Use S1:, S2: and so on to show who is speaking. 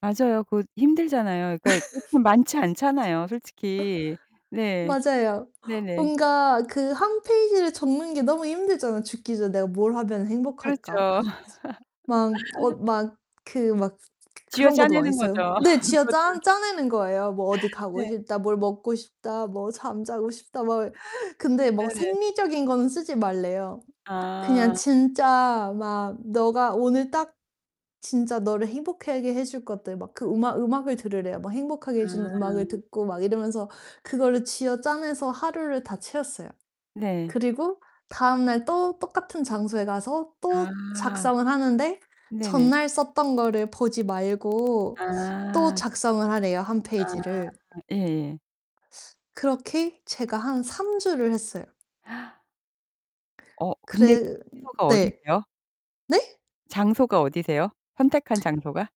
S1: 맞아요. 그 힘들잖아요. 그러니까 그렇게 많지 않잖아요. 솔직히. 네.
S2: 맞아요.
S1: 네네.
S2: 뭔가 그 1 페이지를 적는 게 너무 힘들잖아요. '죽기 전에 내가 뭘 하면 행복할까?'
S1: 그렇죠.
S2: 막 어 막 그 막 그 그런 것도 많이
S1: 쥐어짜내는
S2: 써요.
S1: 거죠
S2: 네.
S1: 그것도.
S2: 쥐어짜 짜내는 거예요. '뭐 어디 가고
S1: 네.
S2: 싶다, 뭘 먹고 싶다, 뭐 잠자고 싶다.' 막 근데 뭐
S1: 네네.
S2: 생리적인 거는 쓰지 말래요. 그냥
S1: 아.
S2: 진짜 막 너가 오늘 딱 진짜 너를 행복하게 해줄 것들 막 그 음악 음악을 들으래요. 막 행복하게 해 주는 음악을
S1: 아.
S2: 듣고 막 이러면서 그거를 쥐어짜내서 하루를 다 채웠어요.
S1: 네.
S2: 그리고 다음날 또 똑같은 장소에 가서 또
S1: 아.
S2: 작성을 하는데
S1: 네네.
S2: 전날 썼던 거를 보지 말고 또
S1: 아.
S2: 작성을 하래요, 1
S1: 아
S2: 페이지를.
S1: 예예.
S2: 그렇게 제가 한 3 주를 했어요.
S1: 어 근데
S2: 그래
S1: 주소가
S2: 네.
S1: 어디세요?
S2: 네?
S1: 장소가 어디세요? 선택한 장소가?